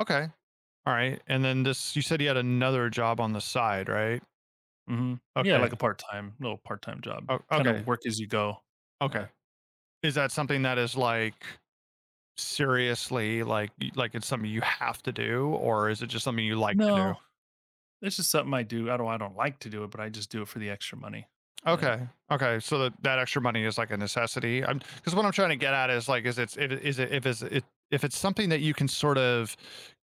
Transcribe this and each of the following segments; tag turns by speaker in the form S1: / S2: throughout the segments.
S1: Okay, all right, and then this, you said you had another job on the side, right?
S2: Mhm, yeah,
S1: Okay.
S2: like a part-time little part-time job,
S1: Oh,
S2: kind of
S1: okay.
S2: work as you go, yeah.
S1: Okay, is that something that is like, seriously, like y like it's something you have to do, or is it just something you like to do?
S2: No, it's just something I do, I don't I don't like to do it, but I just do it for the extra money, yeah.
S1: Okay okay so, that that extra money is, like, a necessity, I'm 'cause what I'm trying to get at is, like, is it's it a is it if it's a if if it's something that you can sort of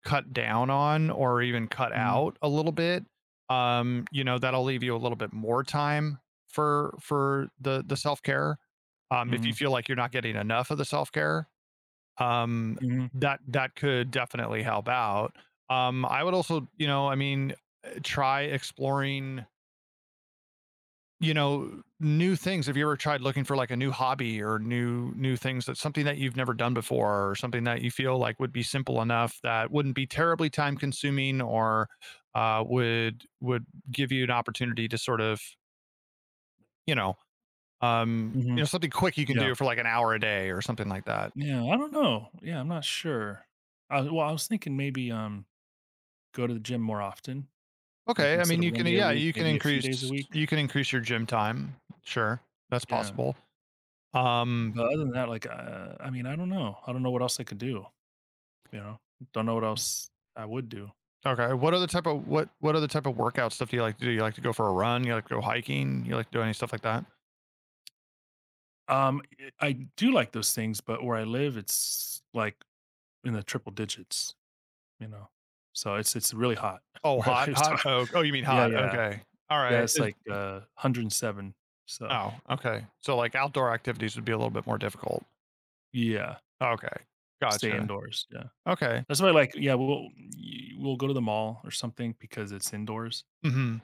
S1: cut down on, or even cut
S2: Mhm.
S1: out a little bit, um, you know, that'll leave you a little bit more time for for the the self-care, um, if you
S2: Mhm.
S1: feel like, you're not getting enough of the self-care, um,
S2: Mhm.
S1: that that could definitely help out, um, I would also you know, I mean, uh, try exploring You know, new things, have you ever tried looking for, like, a new hobby, or new new things that's something that you've never done before, or something that you feel like would be simple enough, that wouldn't be terribly time-consuming or, uh, would would give you an opportunity to sort of You know um, you
S2: Mhm,
S1: know, something quick you can
S2: yeah.
S1: do for, like, an hour a day or something like that.
S2: Yeah, I don't know, yeah, I'm not sure, I well, I was thinking maybe, um, go to the gym more often, like,
S1: Okay, I
S2: instead
S1: mean,
S2: of
S1: you
S2: 1
S1: can
S2: day a
S1: yeah,
S2: week,
S1: you can
S2: maybe a few days a
S1: increase
S2: week.
S1: you can increase your gym time, sure, that's
S2: Yeah.
S1: possible, um
S2: But other than that, like, uh, I mean, I don't know I don't know what else I could do, you know don't know what else I would do.
S1: Okay. What other type of what what other type of workout stuff do you like to do? You like to go for a run, you like to go hiking, you like doing stuff like that?
S2: Um, i do like those things, but where I live, it's, like, in the triple digits, you know, so, it's it's really hot
S1: Oh,
S2: where I
S1: hot
S2: live, so
S1: hot, oh oh you mean
S2: yeah
S1: hot,
S2: yeah
S1: okay, all
S2: yeah,
S1: right,
S2: it's
S1: is
S2: like, uh,
S1: di
S2: 107, so
S1: Oh, okay, so, like outdoor activities would be a little bit more difficult.
S2: Yeah.
S1: Okay,
S2: Stay
S1: gotcha.
S2: indoors, yeah,
S1: Okay.
S2: that's why I like yeah, we'll, y we'll go to the mall or something because it's indoors.
S1: Mhm.